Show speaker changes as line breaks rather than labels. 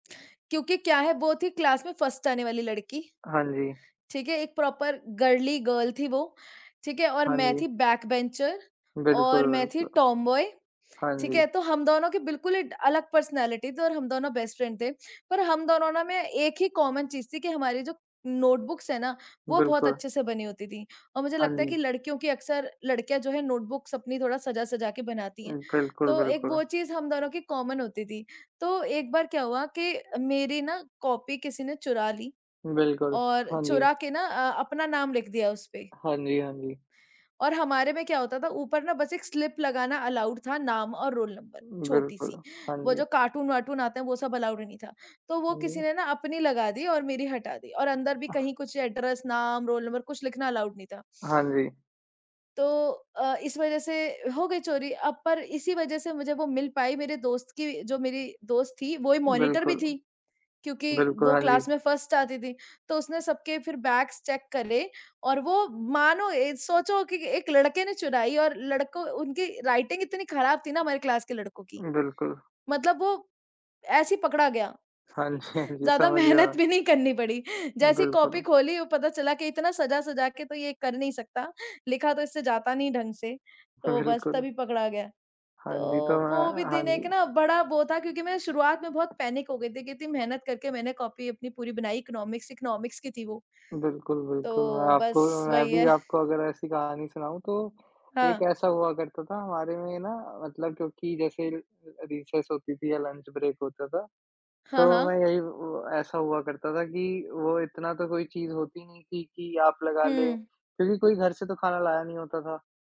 क्योंकि क्या है वो थी क्लास में फ़र्स्ट आने वाली लड़की,
हाँ जी।
ठीक है। एक प्रॉपर गर्ली गर्ल थी वो, ठीक है और
हाँ
मैं
जी।
थी बैकबेंचर
बिल्कुल,
और मैं थी
बिल्कुल।
टॉम बॉय,
हाँ
ठीक
जी।
है। तो हम दोनों की बिल्कुल ही ड अलग पर्सनैलिटी थी और हम दोनों बेस्ट फ्रेंड थे। पर हम दोनों ना में एक ही कॉमन चीज़ थी कि हमारी जो नोटबुक्स है ना, वो बहुत
बिल्कुल।
अच्छे से बनी होती थी। और मुझे
हाँ
लगता है कि
जी।
लड़कियों की अक्सर लड़कियाँ जो हैं नोटबुक्स अपनी थोड़ा सजा-सजा के बनाती हैं।
उम, बिल्कुल,
तो एक
बिल्कुल।
वो चीज़ हम दोनों की कॉमन होती थी। तो एक बार क्या हुआ कि मेरी ना कॉपी किसी ने चुरा ली,
बिल्कुल।
और
हाँ जी।
चुरा के ना अ, अपना नाम लिख दिया उसपे।
हाँ जी, हाँ जी।
और हमारे में क्या होता था ऊपर ना बस एक स्लिप लगाना अलाउड था नाम और रोल नंबर
बिल्कुल।
छोटी-सी।
हाँ
वो
जी।
जो कार्टून-वार्टून आते हैं वो सब अलाउड ही नहीं था। तो वो
हाँ
किसी
जी।
ने ना अपनी लगा दी और मेरी हटा दी। और अंदर भी कहीं कुछ एड्रेस, नाम, रोल नंबर कुछ लिखना अलाउड नहीं था।
हाँ जी।
तो अ, इस वज़ह से हो गई चोरी, अब पर इसी वज़ह से मुझे वो मिल पाई मेरे दोस्त की जो मेरी दोस्त थी वो ही मॉनिटर भी
बिल्कुल।
थी, क्योंकि
बिल्कुल,
वो
हाँ जी।
क्लास में फर्स्ट आती थी। तो उसने सबके फिर बैग्स चेक करे और वो मानो ए सोचो कि एक लड़के ने चुराई। और लड़कों उनकी राइटिंग इतनी खराब थी ना हमारी क्लास के लड़कों की,
बिल्कुल।
मतलब वो ऐसे ही पकड़ा गया।
हाँ जी, हाँ जी।
ज़्यादा
समझ गया।
मेहनत भी नहीं करनी पड़ी। जैसे ही कॉपी
बिल्कुल।
खोली वो पता चला कि इतना सजा-सजा के तो ये कर नहीं सकता, लिखा तो इससे जाता नहीं ढँग से, तो बस
बिल्कुल।
तभी पकड़ा गया। तो
हाँ जी, तो
वो भी
हाँ हाँ
दिन एक
जी।
ना बड़ा वो था क्योंकि मैं शुरुआत में बहुत पैनिक हो गई थी, कि इतनी मेहनत करके मैंने कॉपी अपनी पूरी बनाई इकोनॉमिक्स, इकोनॉमिक्स की थी वो।
बिल्कुल, बिल्कुल। मैं
तो
आपको
बस
मैं
वही
भी
है।
आपको अगर ऐसी कहानी सुनाऊँ तो एक
हाँ।
ऐसा हुआ करता था हमारे में ना मतलब क्योंकि जैसे अ, रिसेस होती थी या लंच ब्रेक होता था।
हाँ,
तो मैं
हाँ।
यही अ, ऐसा हुआ करता था कि वो इतना तो कोई चीज़ होती नहीं थी कि आप लगा लें
हुँ।
क्योंकि कोई घर से तो खाना लाया नहीं होता था।